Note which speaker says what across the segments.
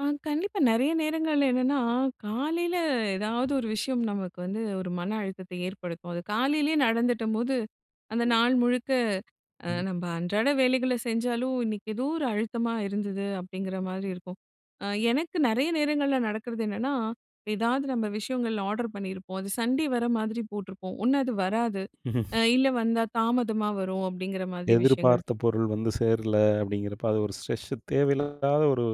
Speaker 1: ஆ கண்டிப்பா நெறைய நேரங்கள்ல என்னன்னா, காலையில எதாவது ஒரு விஷயம் நமக்கு வந்து ஒரு மன அழுத்தத்தை ஏற்படுத்தும். அது காலையிலேயே நடந்துட்டம்போது, "அந்த
Speaker 2: ம்.
Speaker 1: நாள் முழுக்க அ
Speaker 2: ம்.
Speaker 1: நம்ப அன்றாட வேலைகள செஞ்சாலும், இன்னைக்கு எதோ ஒரு அழுத்தமா இருந்தது."அப்படீங்கிற மாரி இருக்கும். அ எனக்கு நெறைய நேரங்கள்ல நடக்கிறது என்னன்னா, "எதாவது நம்ப விஷயங்கள் ஆர்டர் பண்ணியிருப்போம். அது சண்டே வர மாதிரி போட்டிருப்போம். ஒண்ணு அது வராது, அ இல்ல வந்தா தாமதமா வரும்." அப்படீங்கிறமாதிரி விஷயங்கள்
Speaker 2: "எதிர்பார்த்த
Speaker 1: [unintelligible]
Speaker 2: பொருள் வந்து சேரல." அப்படீங்கிறப்ப, அது ஒரு ஸ்ட்ரெஸ்ஸு தேவையில்லாத ஒரு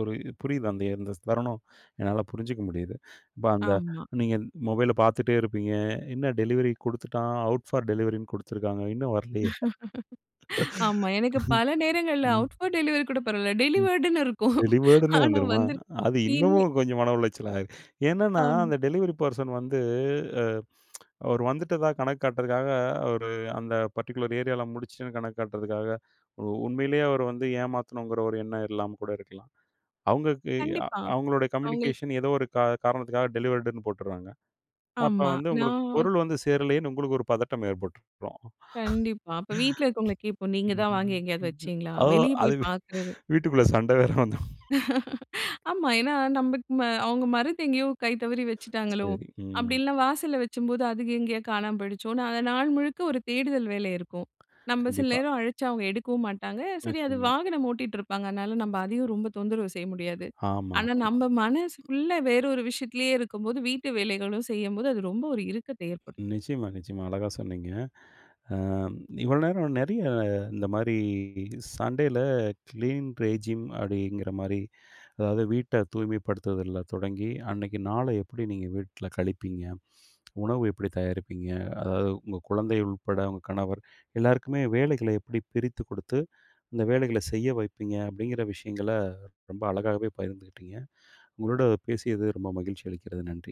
Speaker 2: ஒரு இ புரியுது அந்த அந்த ஸ் தருணம். என்னால புரிஞ்சுக்க முடியுது. இப்ப அந்த
Speaker 1: ஆமா.
Speaker 2: நீங்க மொபைல பார்த்துட்டே இருப்பீங்க. என்ன டெலிவரி குடுத்துட்டான். அவுட் ஃபார் டெலிவரின்னு குடுத்துருக்காங்க. இன்னும் வரலயே!
Speaker 1: ஆமா. எனக்கு பல நேரங்கள்ல
Speaker 2: ம்.
Speaker 1: "அவுட் ஃபார் டெலிவரி" கூட பரவால்ல.
Speaker 2: ம்.
Speaker 1: டெலிவர்டுன்னு இருக்கும்.
Speaker 2: டெலிவர்டுன்னு
Speaker 1: ஆனா
Speaker 2: வந்துருமா!
Speaker 1: வந்துருக்கும்.
Speaker 2: அது
Speaker 1: இன்னி
Speaker 2: இன்னமும் கொஞ்சம் மன உளைச்சலாயிரும். என்னன்னா,
Speaker 1: ஆம்.
Speaker 2: அந்த டெலிவரி பெர்சன் வந்து, அவரு வந்துட்டதா கணக்கு காட்டுறதுக்காக அவரு அந்த பர்ட்டிகுலர் ஏரியால முடிச்சுட்டேன்னு கணக்கு காட்டுறதுக்காக, உ உண்மையிலே அவரு வந்து ஏமாத்தணுங்கிற ஒரு எண்ணம் இல்லாம கூட இருக்கலாம். அவுங்களுக்கு அ
Speaker 1: கண்டிப்பா.
Speaker 2: அவுங்களோட
Speaker 1: அவுங்களுக்கு
Speaker 2: கம்யூனிகேஷன் ஏதோ ஒரு கா காரணத்துக்காக டெலிவர்டுன்னு போட்டுர்றாங்க. அப்ப
Speaker 1: ஆமா.
Speaker 2: வந்து
Speaker 1: நா
Speaker 2: உங்களுக்கு பொருள் வந்து சேரலேயேன்னு உங்களுக்கு ஒரு பதட்டம் ஏற்பட்டுருக்கும்.
Speaker 1: கண்டிப்பா. அப்ப வீட்ல இருக்கவங்கள கேட்போம், "நீங்க தான் வாங்கி எங்கேயாவது வச்சீங்களா?"
Speaker 2: ஓ!
Speaker 1: வெளியே போய்
Speaker 2: அது வீ
Speaker 1: பார்க்குறது.
Speaker 2: வீட்டுக்குள்ள சண்டை வேற வந்துரும்.
Speaker 1: ஆமா. ஏன்னா நம்பக்கு ம அவுங்க மறந்து எங்கேயோ கை தவறி வச்சுட்டாங்களோ!
Speaker 2: சரி.
Speaker 1: அப்படி
Speaker 2: ம்.
Speaker 1: இல்லன்னா வாசல்ல வச்சம்போது, அது எங்கேயோ காணாம போயிடுச்சோன்னு, அத நாள் முழுக்க ஒரு தேடுதல் வேலை இருக்கும். நம்ப சில
Speaker 2: கண்டிப்பா.
Speaker 1: நேரம் அழச்சா, அவுங்க எடுக்கவும் மாட்டாங்க. சரி அது
Speaker 2: நிச்சயமா.
Speaker 1: வாகனம் ஓட்டிட்டு இருப்பாங்க. அதனால நம்ப அதையும் ரொம்ப தொந்தரவு செய்ய முடியாது.
Speaker 2: ஆமா,
Speaker 1: ஆனா
Speaker 2: ஆமா.
Speaker 1: நம்ப மனசு ஃபுல்லா வேற ஒரு விஷயத்துலேயே இருக்கும்போது, வீட்டு வேலைகளும் செய்யும்போது, அது ரொம்ப ஒரு இறுக்கத்தை ஏற்படுத்தும்.
Speaker 2: நிச்சயமா, நிச்சயமா. அழகா சொன்னீங்க. அ இவ்வளோ நேரம் நெறைய இந்தமாரி சண்டேயில, "கிளீன் ரெஜிம் அப்படீங்கிறமாரி, அதாவது வீட்ட தூய்மைப்படுத்துவதுல தொடங்கி, அன்னைக்கு நாள எப்படி நீங்க வீட்ல கழிப்பீங்க? உணவு எப்படி தயாரிப்பீங்க? அதாவது உங்க குழந்தை உட்பட, உங்க கணவர் எல்லாருக்குமே வேலைகளை எப்படி பிரித்து குடுத்து இந்த வேலைகள செய்ய வைப்பீங்க." அப்படீங்கிற விஷயங்கள ரொம்ப அழகாகவே பகிர்ந்துக்கிட்டீங்க. உங்களோட பேசியது ரொம்ப மகிழ்ச்சி அளிக்கிறது. நன்றி.